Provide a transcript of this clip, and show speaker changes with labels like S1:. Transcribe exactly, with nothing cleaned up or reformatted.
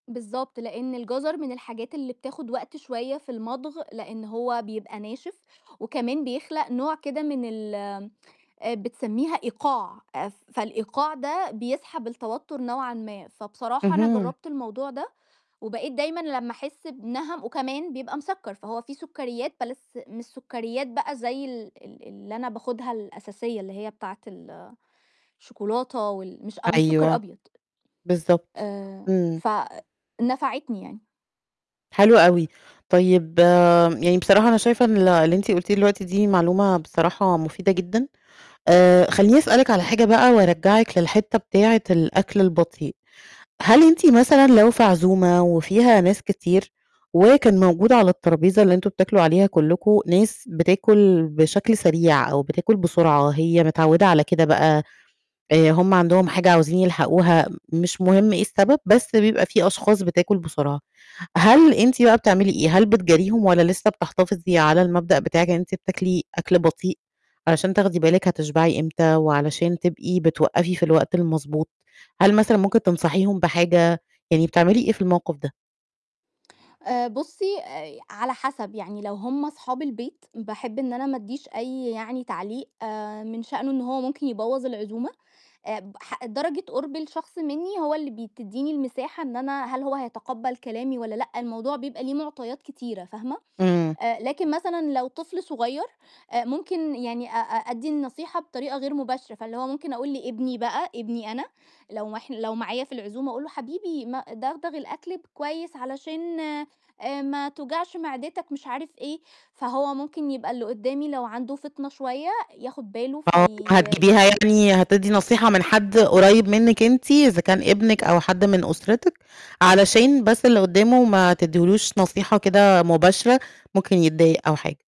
S1: بالضبط. لأن الجَزر من الحاجات اللي بتاخد وقت شوية في المضغ لأن هو بيبقى ناشف، وكمان بيخلق نوع كده من ال آآ، بتسميها إيقاع، فالإيقاع ده بيسحب التوتر نوعًا ما. فبصراحة أنا
S2: اهم.
S1: جرَّبت الموضوع ده وبقيت دايمًا لمّا أحس بِنَهَم وكمان بيبقى مسكَّر، فهو فيه سكريات بلس مش سكريات بقى زي ال ال اللي أنا باخدها الأساسية اللي هي بتاعة ال الشوكولاتة وال مش أ مش سكر
S2: أيوه.
S1: أبيض.
S2: بالضبط.
S1: آآ
S2: إمم.
S1: ف نفعتني يعني.
S2: حلو أوي. طيب، يعني بصراحة أنا شايفة إن ال اللي أنتِ قلتيه دلوقتي دي معلومة بصراحة مفيدة جدًا، آآ، خلّيني أسألِك على حاجة بقى وارجَّعِك للحتّة بتاعة الأكل البطيء، هل أنتِ مثلًا لو في عزومة وفيها ناس كتير وكان موجود على التربيزة اللي أنتم بتاكلوا عليها كلكم، ناس بتاكل بشكل سريع أو بتاكل بسرعة، هي متعودة على كده بقى، آآ هُم عندهم حاجة عاوزين يلحقوها، مش مهم إيه السبب بس بيبقى فيه أشخاص بتاكل بسرعة. هل أنتِ بقى بتعملي إيه؟ هل بتجاريهم والّا لسه بتحتفظي على المبدأ بتاعِك إن أنتِ بتاكلي أكْل بطيء علشان تاخدي بالِك هتشبعي إمتى وعلشان تبقي بتوقَّفي في الوقت المضبوط، هل مثلًا ممكن تنصحيهم بحاجة، يعني بتعملي إيه في الموقِف ده؟
S1: آآ، بُصّي، آآ، على حسب؛ يعني لو هُم صحاب البيت باحب إن أنا ما أدّيش أي يعني تعليق آآ، من شأنه إن هو ممكن يبوَّظ العزومة، آآ، بح درجة قُرْب الشخص مني هو اللي بي تدّيني المساحة إن أنا هل هو هيتقبَّل كلامي والّا لأ. الموضوع بيبقى ليه معطيات كتيرة، فاهمة،
S2: إمم.
S1: آآ، لكن مثلًا لو طفل صغيّر ممكن يعني أ أ أدّي النصيحة بطريقة غير مباشرة فاللي هو ممكن أقول لابني بقى ابني أنا، لو ما ح لو معايا في العزومة أقول له حبيبي ما دغدغ الأكل ب كويس علشان آآ، ما توجعش معدتك مش عارف إيه، فهو ممكن يبقى اللي قدّامي لو عنده فطنة شوية ياخد باله
S2: آه، هتجيبيها
S1: في
S2: يعني هتدّي نصيحة من حد قُريِّب منِّك أنتِ إذا كان ابنِك أو حد من أسرتِك، علشان بس اللي قدامه ما تدّيلوش نصيحة كده مباشرة ممكن يتضايق أو حاجة.